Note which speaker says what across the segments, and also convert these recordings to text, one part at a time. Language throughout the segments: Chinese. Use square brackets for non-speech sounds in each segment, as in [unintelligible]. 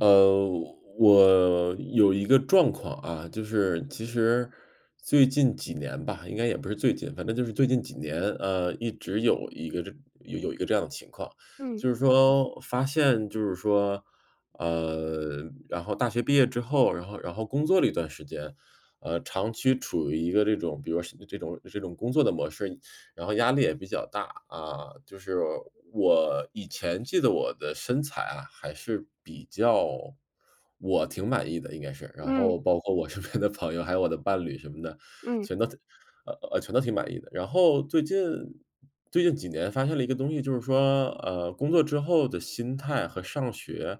Speaker 1: 呃，我，有一个状况啊，就是其实，最近几年吧，应该也不是最近，反正就是最近几年，呃，一直有一个这有一个这样的情况，
Speaker 2: 嗯。
Speaker 1: 就是说发现就是说，呃，然后大学毕业之后，然后然后工作了一段时间，呃，长期处于一个这种比如说像这种这种工作的模式，然后压力也比较大。啊，就是我以前记得我的身材啊，还是，比较，我挺满意的应该是。然
Speaker 2: 嗯。
Speaker 1: 后包括我身边的朋友，还有我的伴侣什么的，
Speaker 2: 嗯。
Speaker 1: 全都挺呃，全都挺满意的，然后最近最近几年发现了一个东西，就是说，呃，工作之后的心态和上学，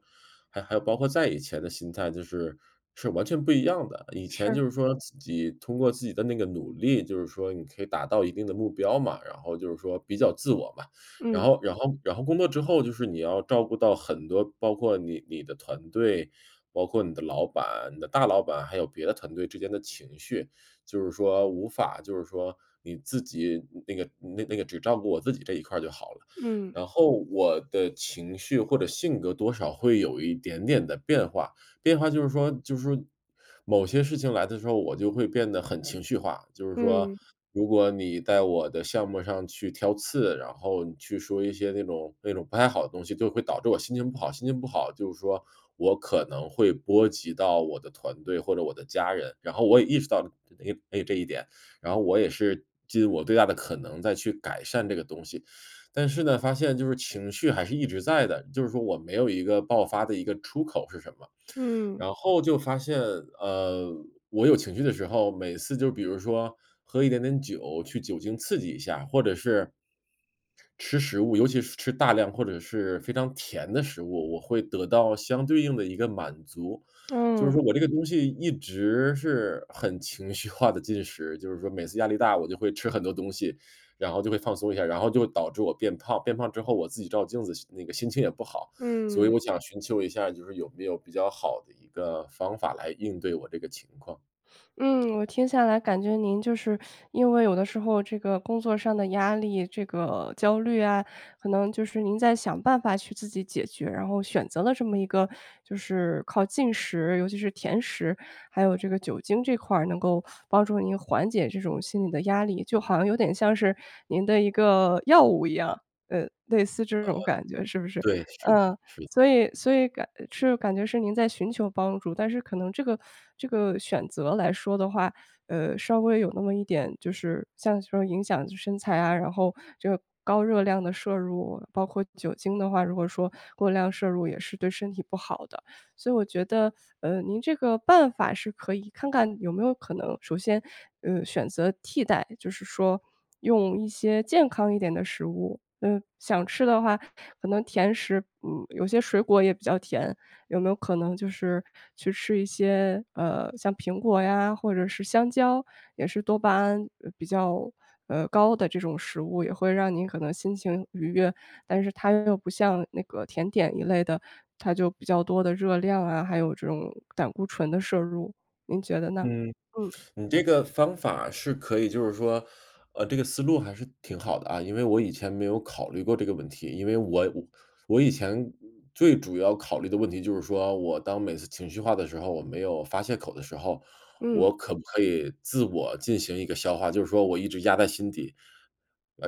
Speaker 1: 还还有包括再以前的心态就是，是完全不一样的。以前
Speaker 2: 是。
Speaker 1: 就是说自己通过自己的那个努力，就是说你可以达到一定的目标嘛，然后就是说比较自我嘛。然
Speaker 2: 嗯。
Speaker 1: 后然后然后工作之后就是你要照顾到很多，包括你你的团队，包括你的老板，你的大老板，还有别的团队之间的情绪，就是说无法就是说你自己那个那个那个只照顾我自己这一块儿就好了。
Speaker 2: 嗯。
Speaker 1: 然后，我的情绪或者性格多少会有一点点的变化，变化就是说就是说某些事情来的时候，我就会变得很情绪化。就是说，
Speaker 2: 嗯。
Speaker 1: 如果你在我的项目上去挑刺，然后你去说一些那种那种不太好的东西，就是会导致我心情不好，心情不好，就是说我可能会波及到我的团队或者我的家人，然后我也意识到了 [unintelligible] 这一点，然后我也是尽我最大的可能在去改善这个东西。但是呢，发现就是情绪还是一直在的，就是说我没有一个爆发的一个出口是什么。
Speaker 2: 嗯。
Speaker 1: 然后就发现，呃，我有情绪的时候，每次就比如说，喝一点点酒，去酒精刺激一下，或者是，吃食物，尤其是吃大量或者是非常甜的食物，我会得到相对应的一个满足。
Speaker 2: [smacks lips]
Speaker 1: 就是
Speaker 2: 嗯。
Speaker 1: 说我这个东西一直是很情绪化地进食，就是说每次压力大，我就会吃很多东西，然后就会放松一下，然后就导致我变胖，变胖之后我自己照镜子心情那个心情也不好，所以
Speaker 2: 嗯。
Speaker 1: 我想寻求一下就是有没有比较好的一个方法来应对我这个情况。
Speaker 2: 嗯，我听下来感觉您就是，因为有的时候这个工作上的压力，这个焦虑啊，可能就是您在想办法去自己解决，然后选择了这么一个就是靠进食，尤其是甜食，还有这个酒精这块儿能够帮助您缓解这种心理的压力。就好像有点像是您的一个药物一样，呃，类似这
Speaker 1: 呃，
Speaker 2: 种感觉是不是？
Speaker 1: 对，是的，
Speaker 2: 呃，
Speaker 1: 是的。
Speaker 2: 所以所以感这种感觉是您在寻求帮助，但是可能这个，[sucks teeth] 这个选择来说的话，呃，稍微有那么一点就是像说影响就是身材啊，然后这个高热量的摄入包括酒精的话，如果说过量摄入也是对身体不好的。所以我觉得，呃，您这个办法是可以看看有没有可能，首先，呃，选择替代，就是说，用一些健康一点的食物，嗯，想吃的话可能甜食，嗯有些水果也比较甜，有没有可能就是去吃一些，呃，像苹果呀或者是香蕉，也是多巴胺，呃比较，呃，高的这种食物也会让您可能心情愉悦。但是它又不像那个甜点一类的，它就比较多的热量啊，还有这种，胆固醇的摄入，您觉得呢？
Speaker 1: 嗯，
Speaker 2: 嗯。
Speaker 1: 你这个方法是可以就是说，呃，这个思路还是挺好的啊，因为我以前没有考虑过这个问题。因为我我以前最主要考虑的问题就是说，我当每次情绪化的时候，我没有发泄口的时候，
Speaker 2: 嗯。
Speaker 1: 我可不可以自我进行一个消化，就是说我一直压在心底。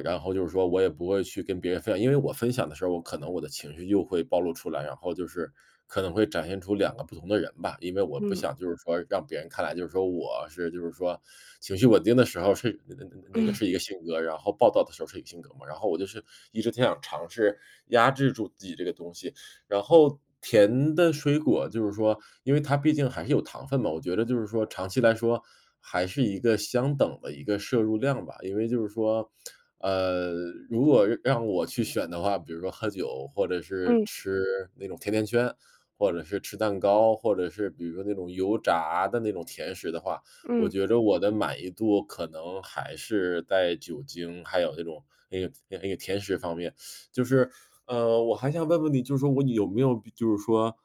Speaker 1: 然后就是说我也不会去跟别人分享，因为我分享的时候，我可能我的情绪又会暴露出来，然后就是，可能会展现出两个不同的人吧，因为我不
Speaker 2: 嗯。
Speaker 1: 想就是说让别人看来，就是说我是就是说 [sucks teeth] 情绪稳定的时候是那那那那个
Speaker 2: 嗯。
Speaker 1: 是一个性格，然后暴躁的时候是一个性格嘛。然后我就是一直挺想尝试，压制住自己这个东西。然后，甜的水果，就是说，因为它毕竟还是有糖分嘛，我觉得就是说长期来说还是一个相等的一个摄入量吧，因为就是说，[smacks lips] 呃，如果让让我去选的话，比如说喝酒或者是
Speaker 2: 嗯。
Speaker 1: 吃，那种甜甜圈，或者是吃蛋糕，或者是比如说那种油炸的那种甜食的话，我
Speaker 2: 嗯。
Speaker 1: 觉着我的满意度可能还是在酒精，还有那种那个那个甜食方面。[sucks teeth] 就是，[sucks teeth] 呃，我还想问问你，就说我你有没有就是说，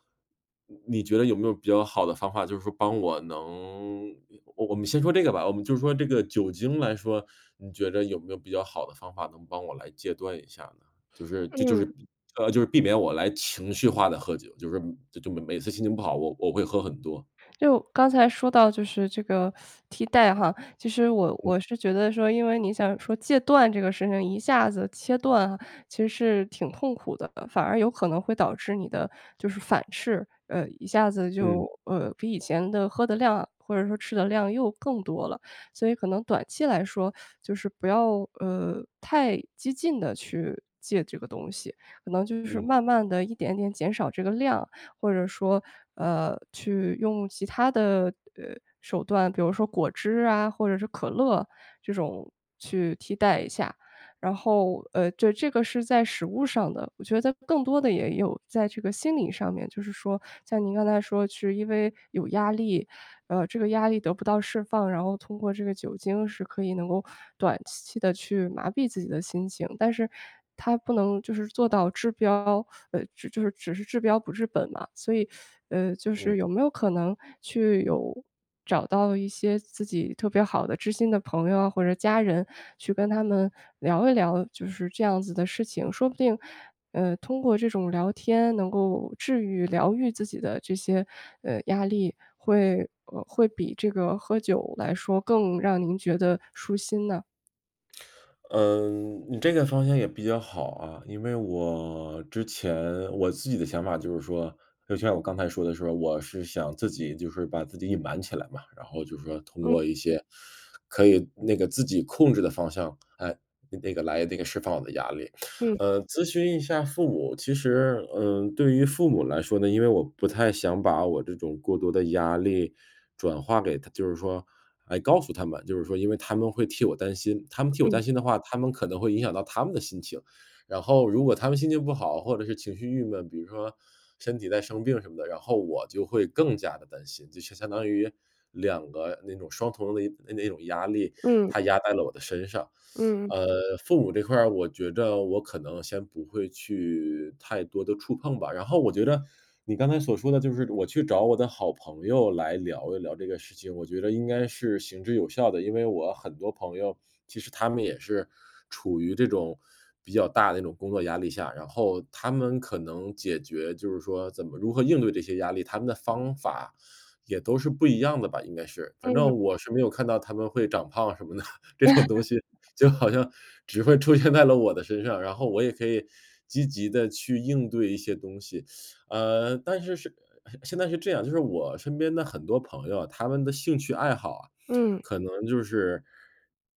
Speaker 1: 你觉得有没有比较好的方法，就是说帮我能，呃我们先说这个吧，我们就说这个酒精来说，你觉着有没有比较好的方法能帮我来戒断一下呢？就是就就
Speaker 2: 嗯。[hiccups]
Speaker 1: 是呃，就是避免我来情绪化地喝酒，就是说就就每每次心情不好，我我会喝很多。
Speaker 2: 就，刚才说到就是这个，[sucks teeth] 替代哈，其实我
Speaker 1: 嗯。
Speaker 2: 我是觉得说，因为你想说戒断这个事情一下子切断，其实是挺痛苦的，反而有可能会导致你的，就是反噬。呃，一下子就，
Speaker 1: 嗯。
Speaker 2: 呃，比以前的喝的量或者说吃的量又更多了。所以可能短期来说 [sucks teeth] 就是不要，呃，太，激进地去戒这个东西，可能就是
Speaker 1: 嗯。
Speaker 2: 慢慢地一点点减少这个量，或者说，呃，去用其它的，呃手段，比如说果汁啊，或者是可乐，这种，去替代一下。然后，呃，这这个是在食物上的，我觉得更多的也有在这个心理上面，就是说像您刚才说是因为有压力，呃，这个压力得不到释放，然后通过这个酒精是可以能够短期地去麻痹自己的心情。但是它不能就是做到治标，呃就是只是治标不治本嘛。所以，[sucks teeth] 呃，就
Speaker 1: 嗯。
Speaker 2: 是有没有可能去有，找到一些自己特别好的知心的朋友啊，或者家人，去跟他们聊一聊，就是这样子的事情，说不定，呃，通过这种聊天能够治愈、疗愈自己的这些，呃，压力，会呃，会比这个喝酒来说更让您觉得舒心呢？
Speaker 1: 嗯，你这个方向也比较好啊。因为我，之前，我自己的想法就是说，就像我刚才说的时候，我是想自己就是把自己隐瞒起来嘛。然后就是说通
Speaker 2: 嗯。
Speaker 1: 过一些，可以那个自己控制的方向，诶，那个来那个释放我的压力。
Speaker 2: 嗯。
Speaker 1: 呃，咨询一下父母，其实，嗯，对于父母来说呢，因为我不太想把我这种过多的压力转化给他就是说，哎，告诉他们，就是说因为他们会替我担心。他们替我
Speaker 2: 嗯。
Speaker 1: 担心的话，他们可能会影响到他们的心情。然后如果他们心情不好或者是情绪郁闷，比如说身体再生病什么的，然后我就会更加地担心，就相相当于两个那种双重的那那种压力，
Speaker 2: 嗯。
Speaker 1: 它压在了我的身上。[sucks teeth]
Speaker 2: 嗯。
Speaker 1: 呃，父母这块儿我觉着我可能先不会去，太多地触碰吧。然后我觉着，你刚才所说的就是我去找我的好朋友来聊一聊这个事情，我觉着应该是行之有效的。因为我很多朋友，其实他们也是，处于这种，比较大的那种工作压力下，然后他们可能解决，就是说怎么如何应对这些压力，他们的方法也都是不一样的吧，应该是。反
Speaker 2: 嗯。
Speaker 1: 正我是没有看到他们会长胖什么的，这种东西
Speaker 2: [laughs]
Speaker 1: 就好像，只会出现在了我的身上，然后我也可以积极地去应对一些东西。[sucks teeth] 呃，但是是呃现在是这样，就是我身边的很多朋友啊，他们的兴趣爱好啊，
Speaker 2: 嗯。
Speaker 1: 可能就是，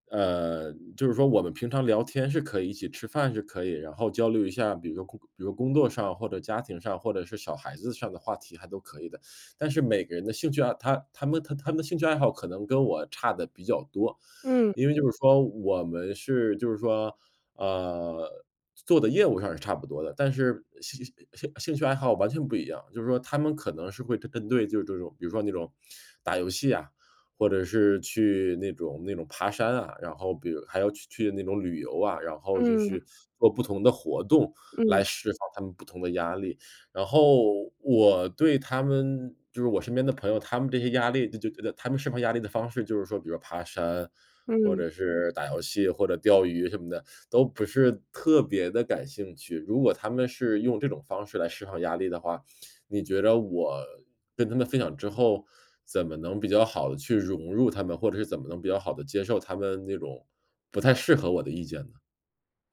Speaker 1: 呃，就是说我们平常聊天是可以一起吃饭是可以，然后交流一下，比如说工比如说工作上或者家庭上，或者是小孩子上的话题还都可以的。[sucks teeth] 但是每个人的兴趣爱好他他们他们的兴趣爱好可能跟我差得比较多。
Speaker 2: 嗯。
Speaker 1: 因为就是说，我们是，就是说，呃，做的业务上是差不多的，但是呃兴兴兴趣爱好吧完全不一样，就是说他们可能是会针针对就是这种，比如说那种，打游戏呀，或者是去那种那种爬山啊，然后比如还要去去那种旅游啊，然后就
Speaker 2: 嗯。
Speaker 1: 是做不同的活动，来
Speaker 2: 嗯。
Speaker 1: 释放他们不同的压力。然后我对他们就是我身边的朋友，他们这些压力，就就觉得他们释放压力的方式，就是说比如说爬山，或
Speaker 2: 嗯。
Speaker 1: 者是打游戏或者钓鱼什么的，都不是特别地感兴趣。如果他们是用这种方式来释放压力的话，你觉着我跟他们分享之后，怎么能比较好地去融入他们，或者是怎么能比较好地接受他们那种，不太适合我的意见呢？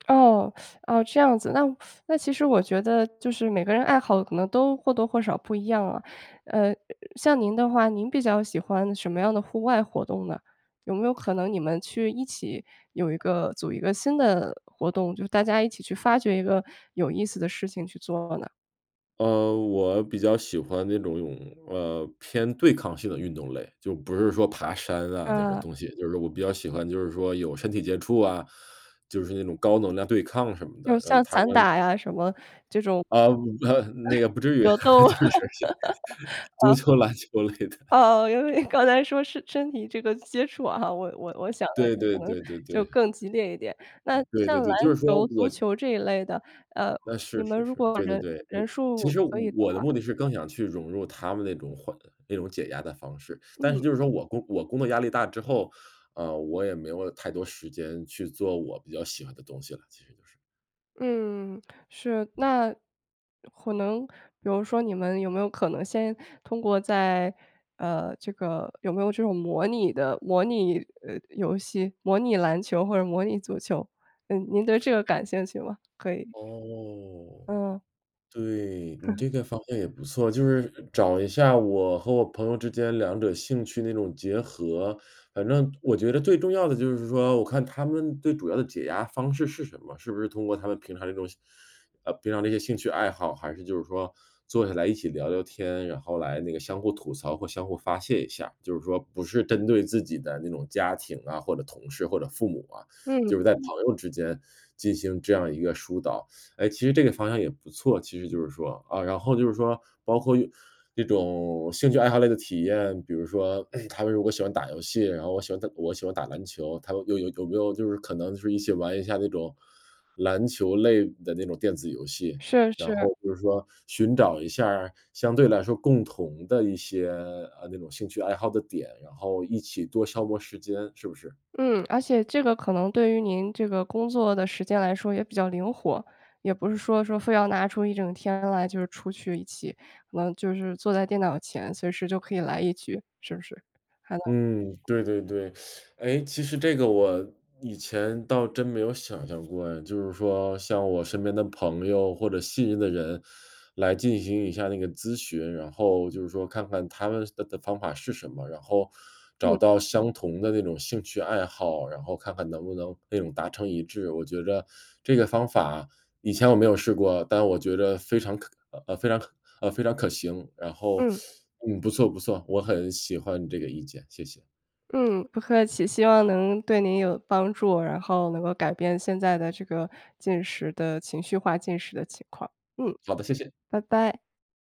Speaker 2: [tsk] 哦 [sucks teeth] 哦，这样子，那 [sucks teeth] 那其实我觉得就是每个人爱好可能都或多或少不一样啊。呃，像您的话，您比较喜欢什么样的户外活动呢？有没有可能你们去一起，有一个组一个，新的活动，就是大家一起去发掘一个有意思的事情去做呢？
Speaker 1: 呃，我比较喜欢那种有，呃，偏对抗性的运动类。就不是说爬山啊那种
Speaker 2: 嗯。
Speaker 1: 东西，就是我比较喜欢就是说，有身体接触啊，就是那种高能量对抗什么
Speaker 2: 就
Speaker 1: 的，嗯，
Speaker 2: 像
Speaker 1: 台
Speaker 2: 散
Speaker 1: 湾
Speaker 2: 打呀什么，这种
Speaker 1: 呃
Speaker 2: [chuckles]
Speaker 1: 呃，那个不至于，
Speaker 2: 格斗啊，
Speaker 1: 就是 [unintelligible] 足
Speaker 2: 嗯。
Speaker 1: 球篮球类的。
Speaker 2: 呃，因为刚才说是身体这个接触啊哈，我我我想
Speaker 1: 对
Speaker 2: 的
Speaker 1: 对
Speaker 2: 可能
Speaker 1: 对对
Speaker 2: 就
Speaker 1: 对。
Speaker 2: 更激烈一点。那，
Speaker 1: 对
Speaker 2: 像
Speaker 1: 对
Speaker 2: 篮
Speaker 1: 对，就是说，
Speaker 2: 球足
Speaker 1: 我
Speaker 2: 球这一类的，呃，
Speaker 1: 那，
Speaker 2: 你
Speaker 1: 是
Speaker 2: 们
Speaker 1: 是
Speaker 2: 如
Speaker 1: 是，
Speaker 2: 果
Speaker 1: 对对
Speaker 2: 人
Speaker 1: 对，嗯
Speaker 2: 人
Speaker 1: 其
Speaker 2: 数
Speaker 1: 实我
Speaker 2: 可以的
Speaker 1: 我的
Speaker 2: 话
Speaker 1: 目的是更想去融入他们那种缓那种解压的方式，但是
Speaker 2: 嗯。
Speaker 1: 就是说我工我工作压力大之后，呃，我也没有太多时间去做我比较喜欢的东西了，其实就是。
Speaker 2: 嗯，是。那可能比如说你们有没有可能先通过在，呃，这个有没有这种模拟的，模拟，呃，游戏，模拟篮球或者模拟足球。嗯，您对这个感兴趣吗？可以
Speaker 1: 哦，
Speaker 2: 嗯。
Speaker 1: 对，你
Speaker 2: [laughs]
Speaker 1: 这个方向也不错，就是找一下我和我朋友之间两者兴趣那种结合。反正我觉得最重要的就是说，我看他们最主要的解压方式是什么，是不是通过他们平常那种呃，平常这些兴趣爱好，还是就是说坐下来一起聊聊天，然后来那个相互吐槽或相互发泄一下，就是说不是针对自己的那种家庭啊，或者同事，或者父母啊，
Speaker 2: 嗯。
Speaker 1: 就是在朋友之间进行这样一个疏导。哎，其实这个方向也不错，其实就是说啊，然后就是说，包括用这种兴趣爱好类的体验，比如说，哎，他们如果喜欢打游戏，然后我喜欢打我喜欢打篮球，他们有有有没有就是可能就是一起玩一下那种，篮球类的那种电子游戏，
Speaker 2: 是，
Speaker 1: 然
Speaker 2: 是。
Speaker 1: 后就是说寻找一下儿相对来说共同的一些，呃，那种兴趣爱好的点，然后一起多消磨时间，是不是？
Speaker 2: 嗯，而且这个可能对于您这个工作的时间来说也比较灵活，也不是说说非要拿出一整天来就是出去一起，可能就是坐在电脑前，随时就可以来一局，是不是？还能
Speaker 1: 嗯，对对对。[sucks teeth] 哎，其实这个我以前倒真没有想象过哎，就是说向我身边的朋友或者信任的人，来进行一下那个咨询，然后就是说看看他们的的方法是什么，然后找
Speaker 2: 嗯。
Speaker 1: 到相同的那种兴趣爱好，然后看看能不能那种达成一致。我觉着这个方法以前我没有试过，但我觉着非常可呃，呃，非常可呃，非常可行，然后，
Speaker 2: 嗯。
Speaker 1: [sucks teeth] 嗯，不错不错。我很喜欢你这个意见，谢谢。
Speaker 2: 嗯，不客气，希望能对您有帮助。然后，能够改变现在的这个进食的情绪化进食的情况，嗯，
Speaker 1: 好的，谢谢。
Speaker 2: 拜拜。